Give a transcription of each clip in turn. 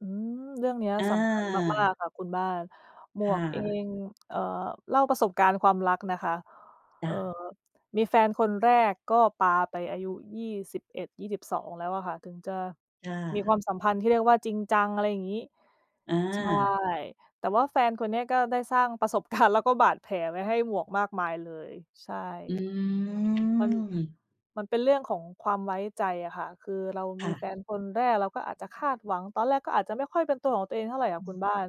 อืม เรื่องเนี้ยอสำคัญมาก า ๆ ค่ะคุณบ้าน หมคว่ก เอะ ง เอ่อ เล่าประสบการณ์ความรักนะคะ จเ้อ่อ ะ มีแฟนคนแรกก็ปาไปอายุ 21-22 แล้วอะค่ะ ถึงจะ ค่มีควะ ามสัมพันธ์ที่เรียกว่าจริงจัง อะไรอย่างงี้ อใช่ า แต่ว่าแฟนคนเนี้ยก็ได้สร้างประสบ การณ์ แล้วก็บาดแผลไว้ให้หมวกมากมายเลย ใช่ อืมัน ม มันเป็นเรื่องของความ ไว้ใจอะค่ะ คือเราคม่ีแฟะ นคนแรก เราก็อาจจะคาดหวัง ตอนแรกก็อาจจะไม่ค่อยเป็นตัวของตัวเองเท่าไรอะอืคุม ณบ้าน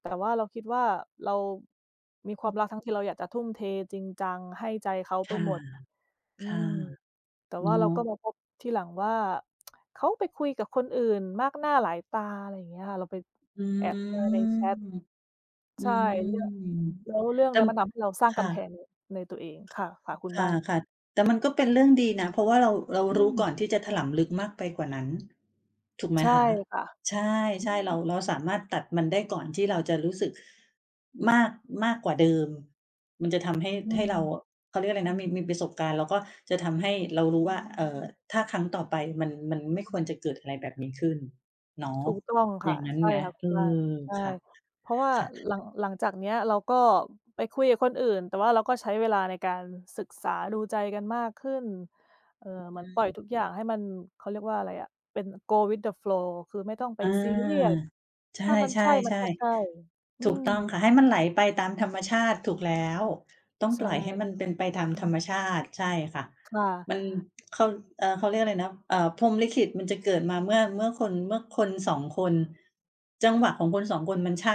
แต่ว่าเราคิดว่าเรามีความรักทั้งที ที่เราอยากจะทุ่มเทจริงจัง ให้ใจเขาคไป่ะ หมด อคื่ะ ม แต่ว่เานาเราก็ ะ มาพบทีหลังว่า เขาไปคุยกับคนอื่นมากหน้าหลายตา อะไรอย่างเงี้ยค่ะ เราไปอืแอบเจอในม แชต อืใช่ ม เรื่อง แล้วเรื่องเต็นี้ ม มันทำให้เราสร้างคก่ะ ำแพงใน ในตัวเองค่ะ ค่ะ คุณค่บ้าน ะ ๆ แต่มันก็เป็นเรื่องดีนะ เพราะว่าเรา เราอืรู้ม ก่อนที่จะถลำลึกมากไปกว่านั้น ถูกไหมใช่คะ ค่ะ ใช่ อใืช่ เรา ม เราสามารถตัดมันได้ก่อนที่เราจะรู้สึกมาก มากกว่าเดิม มันจะทำให้ อืให้เรา ม เขาเรียกว่าอะไรนะ มี มีประสบการณ์ แล้วก็จะทำให้ เรารู้ว่า เอ่อ ถ้าครั้งต่อไปมัน มันไม่ควรจะเกิดอะไรแบบนี้ขึ้นเนาะ ถูกต้องคอย่่ะ างงั้นใช่ไหม? ค่ะคเุอณอ บ้าน ใช่ ค่ะ เพราะว่าค่ะ หลัง หลังจากเนี้ย เราก็ไปคุยกับคนอื่น แต่ว่าเราก็ใช้ เวลาในการศึกษาดูใจกันมากขึ้น เอ่อ เหอมือน ืปล่อยม ทุกอย่างให้มัน เขาเรียกว่าอะไรอ่ะ เป็น go with the flow คือไม่ต้องไป อา ซีเรียส ใชถ้ามันใช่ ่ มันก็ใช่ ๆ อืๆ ถูกม ต้องค่ะ ให้มันไหลไปตามธรรม ชาติถูกแล้ว ต้องใชปล่อยให้่ มันเป็นไปตามธรรมชาติ ใช่ค่ะ ค่ะ มัน เขา เออ เขาเรียกอะไรนะ เอ่อ พรหมลิขิตมันจะเกิดมาเมื่อ เมื่อคน เมื่อคน 2 คน จังหวะของคน 2 คนมันใช่